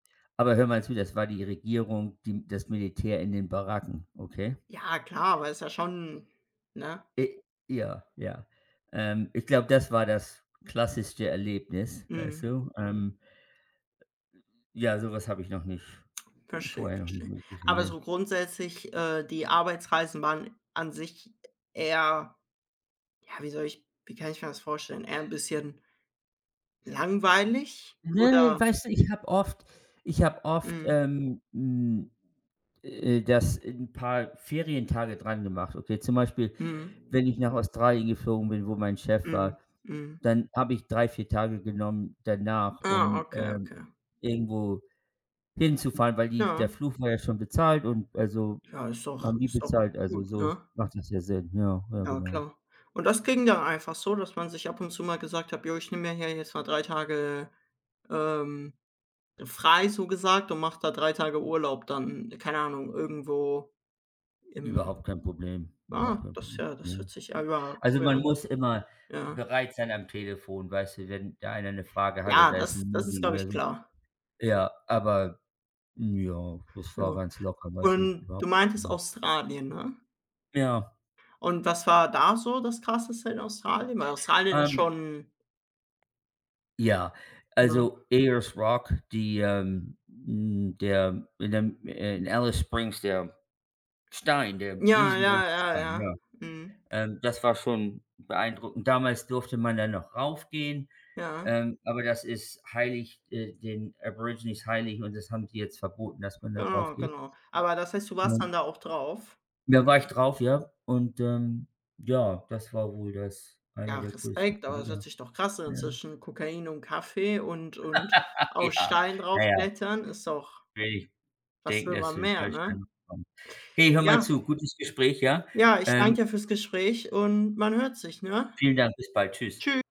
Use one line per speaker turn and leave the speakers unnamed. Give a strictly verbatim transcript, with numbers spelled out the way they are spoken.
Aber hör mal zu, das war die Regierung, die das Militär in den Baracken, okay?
Ja klar, aber ist ja schon ne?
Äh, ja, ja. Ähm, ich glaube, das war das klassischste Erlebnis, weißt
Mhm.
du? Ähm. Ja, so was habe ich noch nicht
Verstehe,
vorher noch
verstehe.
nicht [unintelligible]
Aber
ne?
so grundsätzlich, äh, die Arbeitsreisen waren an sich eher ja, wie soll ich wie kann ich mir das vorstellen? Eher 'n bisschen langweilig
Ne,
oder
weißt du, ich habe oft ich habe oft,
Mhm.
ähm, hm, äh, das 'n paar Ferientage drangemacht, okay? Zum Beispiel,
Mhm.
wenn ich nach Australien geflogen bin, wo mein Chef
Mhm,
war,
mhm.
dann habe ich drei, vier Tage genommen danach,
Ah,
um,
okay,
ähm,
okay.
irgendwo hinzufahren, weil die der
Ja.
Flug war ja schon bezahlt und also,
Ja, ist doch
haben die
ist doch
bezahlt. Also,
gut,
so
ne?
macht das ja Sinn. Ja, ja
Ja
genau.
klar. Und das ging da einfach so, dass man sich ab und zu mal gesagt hat: „Jo, ich nehme mir hier jetzt mal drei Tage, ähm, frei, so gesagt und mache da drei Tage Urlaub dann, keine Ahnung, irgendwo im“
Überhaupt kein Problem. Überhaupt
Ah,
kein Pro
das ja, das
ne?
hört sich [unintelligible]
Also,
cool
man
an.
muss immer
Ja.
bereit sein am Telefon, weißt du, wenn da einer 'ne Frage hat
Ja,
oder ist
das
'n
das ist,
Meeting
glaube
oder
ich,
so.
klar.
Ja, aber hm, ja, das war
Ja.
ganz locker, weißt du,
Und
ja,
du meintest
mhm.
Australien, ne?
Ja.
Und was war da so das Krasseste in Australien? Weil Australien ist
Ähm
schon
Ja,
Ne?
also Ayers Rock, die, ähm hm, der in dem in Alice Springs der Stein der
Ja, ja,
riesengroße
ja, ja.
Stein, ja.
Mhm.
Ähm, das war schon beeindruckend. Damals durfte man da noch raufgehen,
Ja.
ähm, aber das ist heilig äh, den Aborigines heilig und das haben die jetzt verboten, dass man da
Genau,
draufgeht.
genau. Aber das heißt, du
Ja.
warst dann da auch drauf?
Da war ich drauf, ja. Und, ähm, ja, das war wohl das eine
Ja,
der größten
Respekt, aber das hört
Dinger.
sich doch krass an.
Ja.
Zwischen Kokain und Kaffee und und auf
Ja,
Steinen
na ja.
draufklettern ist doch
Will nicht
was
denken,
will
dass
man
du den
mehr,
falschen
ne?
Eindruck bekommst. Hey, hör mal
Ja.
zu. Gutes Gespräch, ja.
Ja, ich
Ähm
danke dir fürs Gespräch und man hört sich, ne?
Vielen Dank. Bis bald. Tschüss.
Tschü